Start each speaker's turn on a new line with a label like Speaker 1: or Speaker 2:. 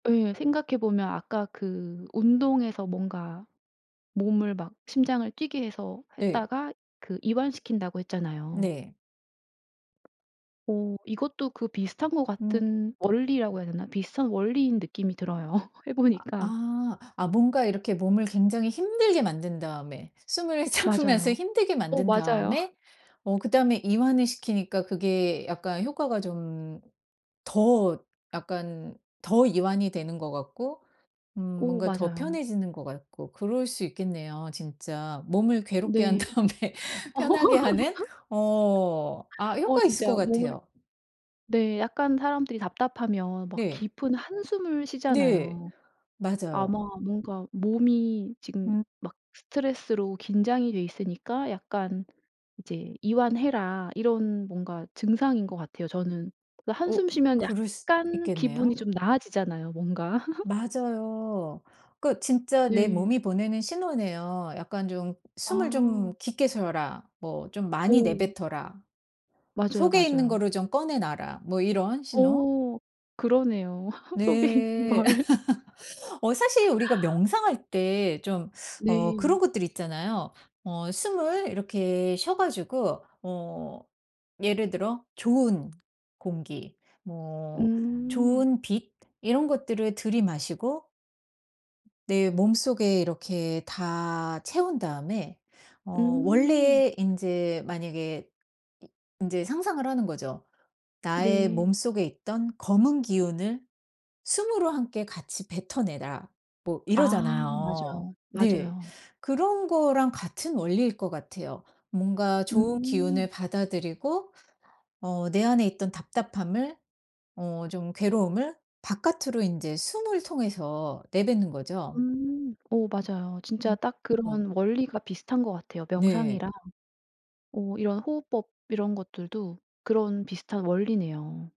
Speaker 1: 예. 생각해 보면 아까 그 운동해서 뭔가 몸을 막 심장을 뛰게 해서
Speaker 2: 예.
Speaker 1: 했다가 그 이완시킨다고 했잖아요.
Speaker 2: 네.
Speaker 1: 어 이것도 그 비슷한 것
Speaker 2: 음.
Speaker 1: 같은 원리라고 해야 되나? 비슷한 원리인 느낌이 들어요. 해
Speaker 2: 아
Speaker 1: 보니까
Speaker 2: 아. 아 뭔가 이렇게 몸을 굉장히 힘들게 만든 다음에 숨을 참으면서
Speaker 1: 맞아요.
Speaker 2: 힘들게
Speaker 1: 어
Speaker 2: 만든
Speaker 1: 맞아요.
Speaker 2: 다음에 어 그다음에 이완을 시키니까 그게 약간 효과가 좀 더 약간 더 이완이 되는 것 같고 음
Speaker 1: 오
Speaker 2: 뭔가 더
Speaker 1: 맞아요.
Speaker 2: 편해지는 것 같고 그럴 수 있겠네요 진짜. 몸을 괴롭게 한
Speaker 1: 네.
Speaker 2: 다음에 편하게 하는. 어. 아
Speaker 1: 어
Speaker 2: 효과 있을 것
Speaker 1: 진짜 몸을
Speaker 2: 같아요.
Speaker 1: 네 약간 사람들이 답답하면 막
Speaker 2: 네.
Speaker 1: 깊은 한숨을
Speaker 2: 네.
Speaker 1: 쉬잖아요.
Speaker 2: 맞아요.
Speaker 1: 아마 뭔가 몸이 지금
Speaker 2: 음.
Speaker 1: 막 스트레스로 긴장이 돼 있으니까 약간 이제 '이완해라.' 이런 뭔가 증상인 것 같아요 저는. 그
Speaker 2: 어
Speaker 1: 한숨 쉬면
Speaker 2: 그럴 수
Speaker 1: 약간 기분이
Speaker 2: 있겠네요.
Speaker 1: 좀 나아지잖아요 뭔가.
Speaker 2: 맞아요. 그 진짜 내
Speaker 1: 네.
Speaker 2: 몸이 보내는 신호네요. 약간 좀 '숨을 좀
Speaker 1: 아.
Speaker 2: 깊게 쉬어라. 뭐 좀 많이
Speaker 1: 어.
Speaker 2: 내뱉어라.
Speaker 1: 맞아요,
Speaker 2: 속에 있는
Speaker 1: 맞아요.
Speaker 2: 거를 좀 꺼내 놔라.' 뭐 이런 신호.
Speaker 1: 어 그러네요. 속에 있는
Speaker 2: 네.
Speaker 1: 걸.
Speaker 2: 어 사실 우리가 명상할 때 좀 어 그런
Speaker 1: 네.
Speaker 2: 것들 있잖아요. 어 숨을 이렇게 쉬어 가지고 어 예를 들어 좋은 공기 뭐
Speaker 1: 음.
Speaker 2: 좋은 빛 이런 것들을 들이마시고 내 몸속에 이렇게 다 채운 다음에 어
Speaker 1: 음.
Speaker 2: 원래 인제 만약에 이 인제 상상을 하는 거죠. "나의
Speaker 1: 네.
Speaker 2: 몸속에 있던 검은 기운을 숨으로 함께 같이 뱉어내라." 뭐
Speaker 1: 아
Speaker 2: 이러잖아요.
Speaker 1: 맞아요,
Speaker 2: 네.
Speaker 1: 맞아요.
Speaker 2: 그런 거랑 같은 원리일 것 같아요. 뭔가 좋은
Speaker 1: 음.
Speaker 2: 기운을 받아들이고 어 내 안에 있던 답답함을 어 좀 괴로움을 바깥으로 인제 숨을 통해서 내뱉는 거죠.
Speaker 1: 음. 어 맞아요. 진짜
Speaker 2: 음
Speaker 1: 딱
Speaker 2: 음.
Speaker 1: 그런 원리가 비슷한 것 같아요,
Speaker 2: 네.
Speaker 1: 명상이랑. 어 이런 호흡법 이런 것들도 그런 비슷한 원리네요.